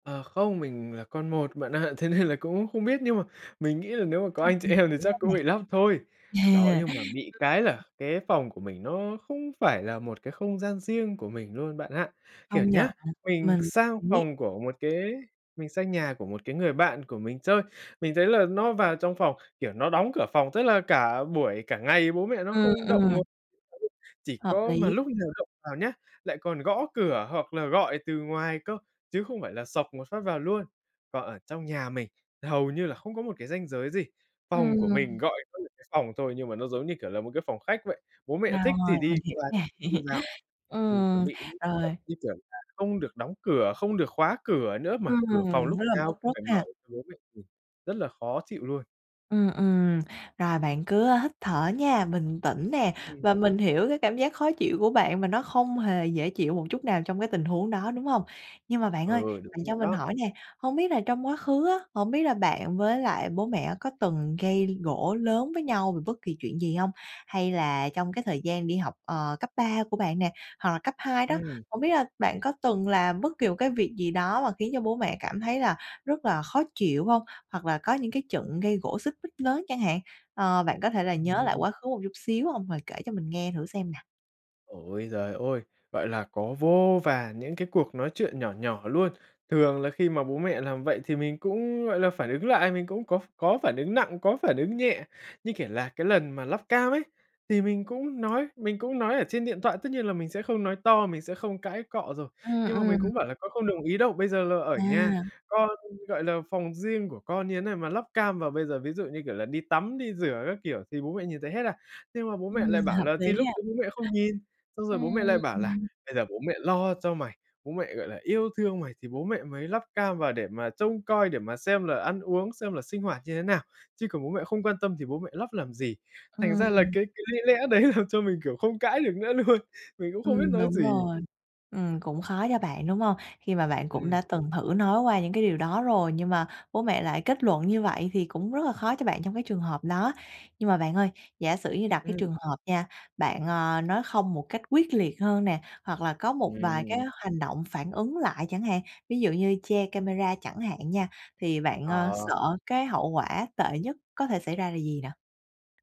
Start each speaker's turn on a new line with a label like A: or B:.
A: Ờ, không, mình là con một bạn ạ, thế nên là cũng không biết nhưng mà mình nghĩ là nếu mà có
B: Ừm,
A: anh chị
B: mình
A: em thì
B: hiểu
A: chắc
B: rồi nè.
A: cũng bị lắp thôi. Đó,
B: À,
A: nhưng
B: ừm,
A: mà bị cái
B: ừ.
A: là cái phòng của mình nó không phải là một cái không gian riêng của mình luôn bạn ạ. Kiểu
B: Công nhận,
A: nhá, mình
B: mình
A: sang
B: biết.
A: phòng của một cái mình sang nhà của một cái người bạn của mình chơi, mình thấy là nó vào trong phòng, kiểu, nó đóng cửa phòng, tức là cả buổi cả ngày bố mẹ nó
B: Ừm,
A: không động ng
B: ừm.
A: chỉ
B: Hợp
A: có mà
B: lý.
A: lúc nào động vào nhá, lại còn gõ cửa hoặc là gọi từ ngoài cơ, chứ không phải là xộc một phát vào luôn. Còn ở trong nhà mình hầu như là không có một cái ranh giới gì, phòng của mình
B: Ừm.
A: gọi có những phòng thôi nhưng mà nó giống như, kiểu là, một cái phòng khách vậy, bố mẹ
B: Rồi,
A: thích thì
B: mình
A: đi
B: hiểu
A: qua
B: nè.
A: đi vào, ừm, chuẩn
B: Ừm,
A: bị những kiểu
B: rồi.
A: như kiểu là không được đóng cửa, không được khóa cửa nữa mà
B: Ừm,
A: cửa phòng lúc
B: nó làm rất
A: nào cũng
B: tốt
A: phải mở
B: ha.
A: để cho bố mẹ, ừm rất là khó chịu luôn.
B: Ừm, ừm, rồi bạn cứ hít thở nha, bình tĩnh nè
A: Ừm.
B: và mình hiểu cái cảm giác khó chịu của bạn, mà nó không hề dễ chịu một chút nào trong cái tình huống đó, đúng hông? Nhưng mà bạn ơi
A: Ừ, đúng
B: bạn cho
A: rồi
B: mình
A: đó.
B: hỏi nè, hông biết là trong quá khứ á, hổng biết là bạn với lại bố mẹ có từng gây gổ lớn với nhau về bất kỳ chuyện gì hông? Hay là trong cái thời gian đi học, ờ, cấp 3 của bạn nè, hoặc là cấp 2 đó,
A: Ừm.
B: hổng biết là bạn có từng làm bất kỳ một cái việc gì đó, mà khiến cho bố mẹ cảm thấy là rất là khó chịu hông? Hoặc là có những cái trận gây gổ xích mích lớn chẳng hạn? Ờ, bạn có thể là nhớ lại
A: Ừm.
B: quá khứ một chút xíu hông? Rồi kể cho mình nghe thử xem nè.
A: Ôi giời ôi! Gọi là, có vô vàn những cái cuộc nói chuyện nhỏ nhỏ luôn. Thường là khi mà bố mẹ làm vậy thì mình cũng, gọi là, phản ứng lại, mình cũng có ph có phản ứng nặng, có phản ứng nhẹ như, kiểu là, cái lần mà lắp cam ấy, thì mình cũng nói, mình cũng nói ở trên điện thoại tất nhiên là mình sẽ không nói to, mình sẽ không cãi cọ rồi.
B: Ừm,
A: Nhưng mà mình
B: ừm.
A: cũng bảo là "Con không đồng ý đâu, bây giờ là ở
B: À.
A: nhà, con gọi là, phòng riêng của con như thế này mà lắp cam vào, bây giờ ví dụ như, kiểu là, đi tắm đi rửa các kiểu thì bố mẹ nhìn thấy hết à?" Nhưng mà bố mẹ lại
B: Ừm,
A: bảo
B: hợp
A: là "Thì
B: lý
A: lúc
B: ha.
A: đấy bố mẹ không nhìn" xong rồi
B: Ưm,
A: bố mẹ lại bảo là
B: ừm.
A: "bây giờ bố mẹ lo cho mày, bố mẹ, gọi là, yêu thương mày thì bố mẹ mới lắp cam vào để mà trông coi, để mà xem là ăn uống, xem là sinh hoạt như thế nào, chứ còn bố mẹ không quan tâm thì bố mẹ lắp làm gì?" Thành ra là
B: Ừm.
A: cái cái lý lẽ đấy làm cho mình, kiểu, không cãi được nữa luôn, mình cũng không biết
B: Ừm,
A: nói
B: đúng
A: gì.
B: rồi. Ừm, cũng khó cho bạn, đúng hông? Khi mà bạn cũng
A: Ừm.
B: đã từng thử nói qua những cái điều đó rồi, nhưng mà bố mẹ lại kết luận như vậy, thì cũng rất là khó cho bạn trong cái trường hợp đó. Nhưng mà bạn ơi, giả sử như đặt cái
A: Ừm.
B: trường hợp nha, bạn, à, nói không một cách quyết liệt hơn nè, hoặc là có một vài cái
A: Ừm.
B: hành động phản ứng lại chẳng hạn, ví dụ như che camera chẳng hạn nha, thì bạn, ơ,
A: Ờ.
B: sợ cái hậu quả tệ nhất có thể xảy ra là gì nào?